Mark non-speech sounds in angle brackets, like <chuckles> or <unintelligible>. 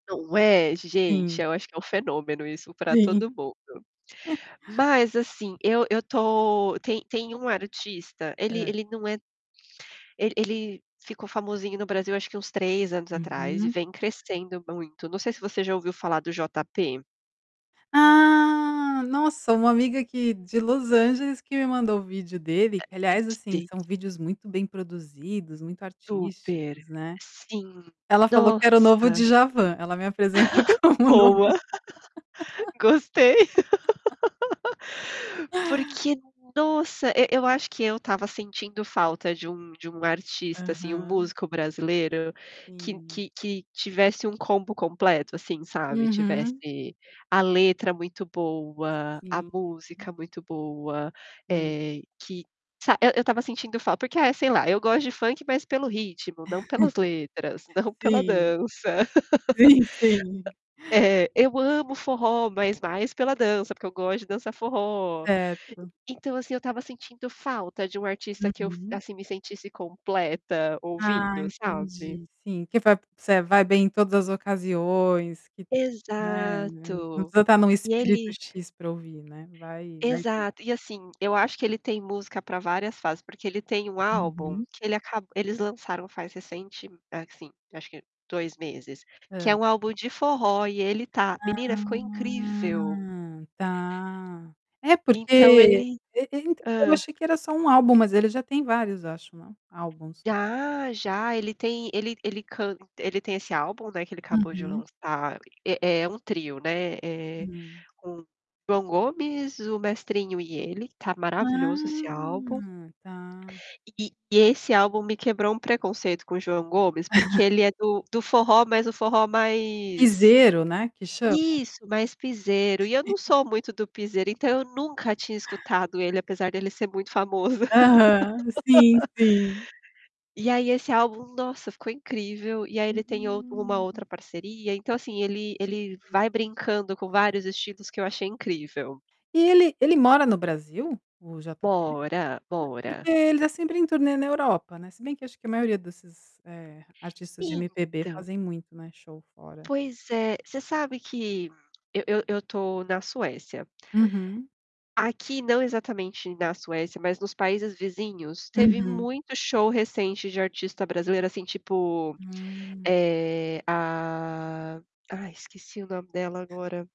Não, é gente, Sim. eu acho que é um fenômeno isso pra Sim. todo mundo. <chuckles> Mas assim, eu eu tô, tem tem um artista, ele Hã? ele não é tão ele ele ficou famosinho no Brasil acho que uns 3 anos atrás e Uhum. vem crescendo muito, não sei se você já ouviu falar do JP? Ah Nossa, uma amiga aqui, de Los Angeles, que me mandou o vídeo É, dele, aliás assim esse. são vídeos muito bem produzidos, muito Super. artísticos, né. Sim, Ela falou que era o novo nossa. de Djavan, ela me apresentou <laughs> como o novo Boa. <laughs> Gostei, Dja <laughs> <laughs> porque, nossa, e eu acho que eu estava sentindo falta de um de um artista assim, Aham. músico brasileiro, que Sim. que que tivesse um combo completo assim, sabe, Uhum. tivesse a letra muito boa, a Sim. <unintelligible> música muito boa, Hum. eh, que sabe que eu eu estava sentindo falta, porque é sei lá, eu gosto de funk, mas pelo ritmo, não pelas letras, <chuckles> não pela Sim. dança. Sim, sim. <laughs> É, eu amo forró, mas mais pela dança, porque eu gosto de dançar forró. Certo. Então, assim, eu estava sentindo falta de um artista que eu, Uhum. assim, me sentisse completa Ah, ouvindo, sabe? entendi, sim, que vai você vai bem em todas as ocasiões, que, né, você não Exato. precisa estar no E espírito ele "x" pra ouvir, né. Vai, vai ter. Exato e assim, eu acho que ele tem música pra várias fases, porque ele tem um álbum Uhum. que ele aca eles lançaram faz recente, assim acho que 2 meses, que Hã. é um álbum de forró e ele tá. Menina ficou incrível. Ah tá. É Então porque, ele eu eu então, eu hã? achei que era só um álbum, mas ele já tem vários eu acho na álbuns. Ah, já, ele tem ele ele canta ele tem esse álbum, né, que ele acabou de Uhum. lançar, é é um trio, né, eh, Hum. com o João Gomes, o Mestrinho e ele, tá maravilhoso esse álbum. Ah tá. E e esse álbum me quebrou um preconceito com o João Gomes, porque <chuckles> ele é do do forró mas o forró mais Piseiro, né, que chama? isso mais pisero e eu não <chuckles> sou muito do pisero, então, eu nunca tinha escutado ele apesar dele ser muito famoso. Aham, sim, sim. <laughs> E aí esse álbum, nossa, ficou incrível, e aí ele tem um Hum. outra parceria então assim ele ele vai brincando com vários estilos que eu achei incrível. E ele ele mora no Brasil, o JP? Mora, Porque mora. ele já sempre em turnê na Europa, né. Se bem que acho que a maioria, eh, desses artistas de MPB Então fazem muito, né, show fora. Pois é, você sabe que, eu eu eu tô na Suécia. Uhum. Aqui, não exatamente na Suécia, mas nos países vizinhos, teve Uhum. muito show recente de artista brasileira, assim, tipo, Hum. eh, ah, ai esqueci o nome dela agora.